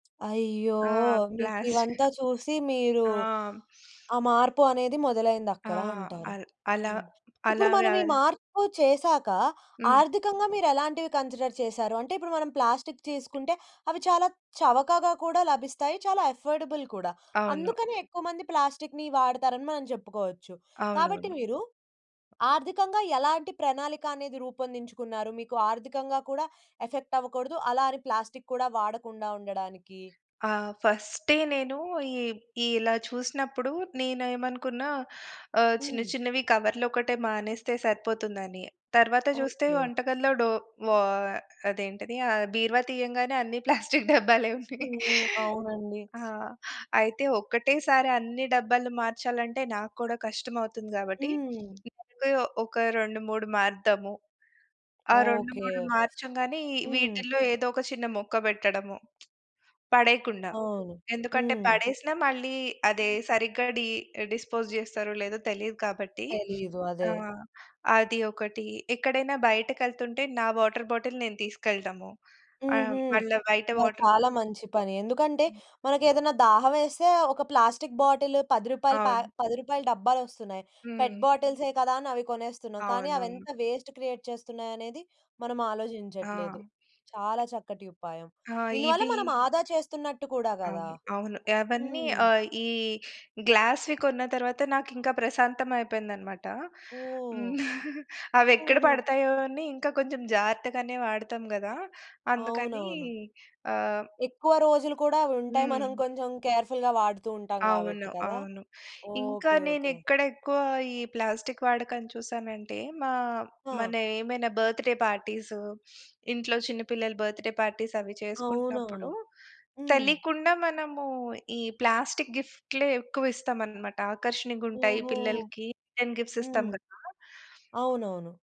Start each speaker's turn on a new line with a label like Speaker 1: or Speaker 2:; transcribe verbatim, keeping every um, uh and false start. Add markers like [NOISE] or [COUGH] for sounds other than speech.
Speaker 1: అయ్యో!
Speaker 2: ఆ! ప్లాస్టి
Speaker 1: మీకివంతా చూసి మీరు,
Speaker 2: ఆ! [SNIFFS]
Speaker 1: ఆ మార్పు అనేది
Speaker 2: ఆ!
Speaker 1: మొదలైందక్కడ అంటారు.
Speaker 2: అల్ అలా
Speaker 1: హ్మ్. ఇప్పుడు మనం
Speaker 2: అలవా
Speaker 1: ఈ మార్పు చేసాక,
Speaker 2: హ్మ్.
Speaker 1: ఆర్థికంగా మీరేలాంటివి కన్సిడర్ చేసారు? అంటే ఇప్పుడు మనం ప్లాస్టిక్కు తీసుకుంటే, అవి చాలా చవకగా కూడా లభిస్తాయి చాలా అఫర్డబుల్ కూడా.
Speaker 2: అవును.
Speaker 1: అందుకని ఎక్కువ మంది ప్లాస్టికుని వాడతారని మనం చెప్పుకోవచ్చు. కాబట్టి
Speaker 2: అవునవును.
Speaker 1: మీరు, ఆర్థికంగా ఎలాంటి ప్రణాళికనేది రూపొందించుకున్నారు? మీకు ఆర్థికంగా కూడా ఎఫెక్ట్ అవ్వకూడదు. అలా అని ప్లాస్టిక్కు కూడా వాడకుండా ఉండడానికి.
Speaker 2: ఆ! ఫస్టె నేను ఇ ఇలా చూసినప్పుడు నేనేమనుకున్న ఆహ్, చిన్న
Speaker 1: హ్మ్.
Speaker 2: చిన్నవి కవర్లోకటే మానేస్తే సరిపోతుందని. తరువాత జూస్తే
Speaker 1: ఓకే.
Speaker 2: వంటకల్లో డో వ అదేంటది? ఆహ్, బీరువా తీయంగానే అన్ని ప్లాస్టిక్కు డబ్బాలే ఉన్నాయి.
Speaker 1: హ్మ్. అవునండి.
Speaker 2: ఆ! అయితే ఒక్కటే సారి అన్ని డబ్బాలు మార్చాలంటే నాకు కూడా కష్టమవుతుంది. గాబట్టి
Speaker 1: హ్మ్.
Speaker 2: [SNIFFS] ముందు ఒక రెండు మూడు మారుదాము. ఆ రెండు
Speaker 1: ఓకే.
Speaker 2: మూడు మార్చంగానే
Speaker 1: హ్మ్.
Speaker 2: వీటిలో ఏదో ఒక చిన్న మొక్క బెట్టడము. పడేయకుండా.
Speaker 1: అవును.
Speaker 2: ఎందుకంటే,
Speaker 1: హ్మ్.
Speaker 2: పడేసి‌న మళ్ళీ అదే సరిగ్గా డి డిస్పోజ్ చేస్తారో లేదో తెలీదు గాబట్టి.
Speaker 1: తెలీదు అదే.
Speaker 2: ఆహ్, అది ఒకటి. ఎక్కడైనా బయటకేళ్తుంటే, నా వాటర్ బాటిల్ నేను తీసుకెళటము. ఆ
Speaker 1: హుహు.
Speaker 2: మళ్ళా బయట
Speaker 1: అబ్బా!
Speaker 2: వాటర్
Speaker 1: చాలా
Speaker 2: బా
Speaker 1: మంచి పని ఎందుకంటే,
Speaker 2: హ్మ్.
Speaker 1: మనకేదైనా దాహం వేస్తే ఒక ప్లాస్టిక్ బాటిల్ పది రూపాయలు ప్యా
Speaker 2: అవును.
Speaker 1: పది రూపాయలు డబ్బాలోస్తున్నాయి. పెట్
Speaker 2: హ్మ్.
Speaker 1: బాటిల్సే కదా! అని అవి కొనేస్తున్నాం కానీ
Speaker 2: అవునవును.
Speaker 1: అవేంత వేస్ట్ క్రియేట్ చేస్తున్నాయనేది మనం
Speaker 2: ఆ!
Speaker 1: ఆలోచించట్లేదు. చాలా చక్కటి ఉపాయం.
Speaker 2: ఆ!
Speaker 1: దీనివల్ల
Speaker 2: ఇవి
Speaker 1: మనం ఆదా చేస్తున్నట్టు కూడా గదా!
Speaker 2: అవును. అవును. ఏవన్నీ
Speaker 1: హ్మ్.
Speaker 2: ఆ ఈ గ్లాస్‌వి కొన్న తరువాత నాకింకా ప్రశాంతం అయిపోయిందన్నమాట.
Speaker 1: ఓహ్!
Speaker 2: [CHUCKLES] హ్మ్. అవేక్కడ
Speaker 1: హుహు.
Speaker 2: పడతాయో అని ఇంకా కొంచెం జాగ్రత్త గానే వాడతాం గదా! అందుకని
Speaker 1: అవునవును.
Speaker 2: ఆహ్
Speaker 1: ఎక్కువ రోజులు కూడా అవుంటాయి. మనం
Speaker 2: హ్మ్.
Speaker 1: కొంచెం కేర్‌ఫుల్‌గా వాడుతూ ఉంటాం
Speaker 2: అవును.
Speaker 1: గాబట్టి కదా!
Speaker 2: అవును. ఇంకా
Speaker 1: ఓకే. ఓకే.
Speaker 2: నేనేక్కడ ఎక్కువ ఈ ప్లాస్టిక్కు వాడకం చూసానంటే, మా మన
Speaker 1: ఆ!
Speaker 2: ఏమైనా బర్త్‌‌డే పార్టీసు, [SNIFFS] ఇంట్లో చిన్న పిల్లల బర్త్‌‌డే పార్టీస్ అవి చేసుకుంటున్నప్పుడు,
Speaker 1: అవునవును. హ్మ్.
Speaker 2: తెలియకుండా మనము ఈ ప్లాస్టిక్కు గిఫ్ట్‌లే ఎక్కువ ఇస్తామనమాట ఆకర్షణీయంగుంటాయి
Speaker 1: ఓహో!
Speaker 2: పిల్లలకి రిటర్న్ గిఫ్ట్స్ ఇస్తాం
Speaker 1: హ్మ్.
Speaker 2: గదా!
Speaker 1: అవునవును.